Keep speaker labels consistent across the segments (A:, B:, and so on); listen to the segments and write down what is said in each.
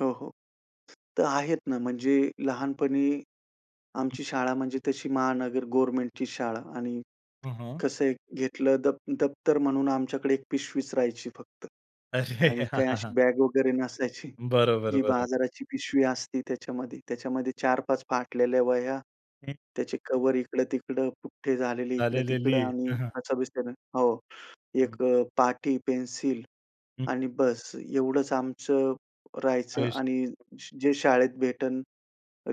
A: हो, हो, तर आहेत ना म्हणजे लहानपणी
B: हं.
A: आमची शाळा म्हणजे तशी महानगर गव्हर्नमेंटची शाळा. आणि
B: हं, हं.
A: कसं आहे, घेतलं द दप्तर म्हणून आमच्याकडे 1 पिशवीच राहायची फक्त
B: अरे!
A: आणि
B: हां
A: काही
B: हां हां.
A: अशी बॅग वगैरे नसायची.
B: बरोबर,
A: जी
B: बरं.
A: बाजाराची पिशवी असती त्याच्यामध्ये त्याच्यामध्ये 4-5 फाटलेल्या वह्या,
B: हं.
A: त्याचे कव्हर इकडं-तिकडं, पुठ्ठे झालेले
B: झालेली,
A: इकडं-तिकडं आणि
B: हं, हं.
A: असं [unintelligible] हो.
B: हं.
A: 1 अ, पाटी, पेन्सिल,
B: हं.
A: आणि बस एवढंच आमचं राहायचं आणि
B: [unintelligible]
A: जे शाळेत भेटेल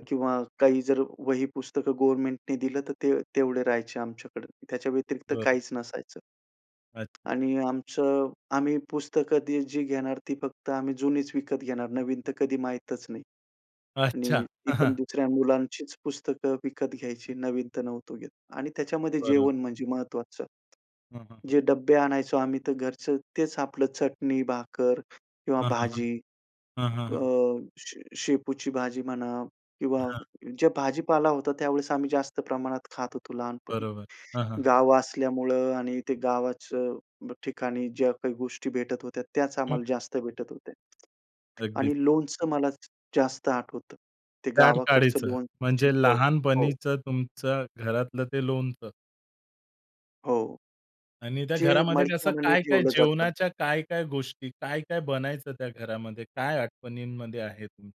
B: हं.
A: किंवा काही जर वही पुस्तकं गव्हर्नमेंटनी दिलं तर ते तेवढे राहायचे आमच्याकडे. त्याच्या व्यतिरिक्त
B: बरं.
A: काहीच नसायचं.
B: अच्छा.
A: आणि आमचं आम्ही पुस्तकं दि जी घेणार ती फक्त आम्ही जुनीच विकत घेणार. नवीन तर कधी माहीतच नाही
B: अच्छा.
A: आणि ती
B: हां,
A: पण
B: हां.
A: दुसऱ्या मुलांचीच पुस्तकं विकत घ्यायची. नवीन तर नव्हतो घेत. आणि त्याच्यामध्ये
B: बरं.
A: जेवण म्हणजे महत्त्वाचं.
B: हं, हं, हं.
A: जे डब्बे आणायचो आम्ही तर घरचं तेच आपलं चटणी-भाकर किंवा
B: हां, हां, हां.
A: भाजी,
B: हां, हां,
A: अ,
B: हां.
A: शे शेपूची भाजी म्हणा किंवा
B: हां, हां.
A: ज्या भाजीपाला होता त्यावेळेस आम्ही जास्त प्रमाणात खात होतो लहानपणी.
B: बरोबर हां, हां, हां.
A: गाव असल्यामुळं आणि ते गावाचं ठिकाणी ज्या काही गोष्टी भेटत होत्या त्याच
B: हं,
A: आम्हाला
B: हं.
A: जास्त भेटत होत्या.
B: अगदीच.
A: आणि लोणचं मला जास्त आठवतं. ते गावाकडच्या
B: [unintelligible]
A: लोणच्याची
B: म्हणजे
A: चव. हो.
B: लहानपणीच तुमचं घरातलं ते लोणचं.
A: हो.
B: आणि त्या
A: जे
B: घरामध्ये कसं
A: मडक्यामध्ये
B: काय-काय
A: ठेवलं जातं.
B: जेवणाच्या काय-काय गोष्टी, काय-काय बनायचं त्या घरामध्ये? काय आठवणींमध्ये आहे तुमच्या?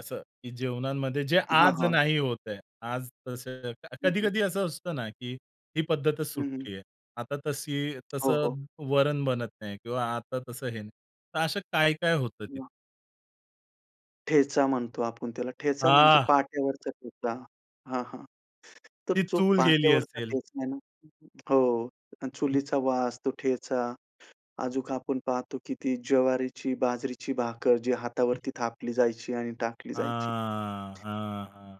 B: असं, की जेवणामध्ये जे
A: हां,
B: आज
A: हां.
B: नाही होतंय. आज तसं
A: हं, हं.
B: कधी-कधी असं असतं ना, की ही पद्धतच
A: हं, हं.
B: सुटली आहे. आता तशी
A: हो, हो.
B: तसं वरण बनत नाही किंवा आता तसं हे नाही. तर असं काय-काय होतं तिथं?
A: [unintelligible] ठेचा म्हणतो आपण त्याला ठेचा म्हणजे
B: आह!
A: पाट्यावरचा ठेचा. हां, हां. तर
B: ती
A: जो
B: चूल गेली
A: पाट्यावरचा
B: असेल.
A: ठेचा आहे ना हो, चुलीचा वास, तो ठेचा अजून आपण पाहतो, की ती ज्वारीची, बाजरीची भाकर जी हातावरती थापली जायची आणि टाकली जायची.
B: हां, हां, हां.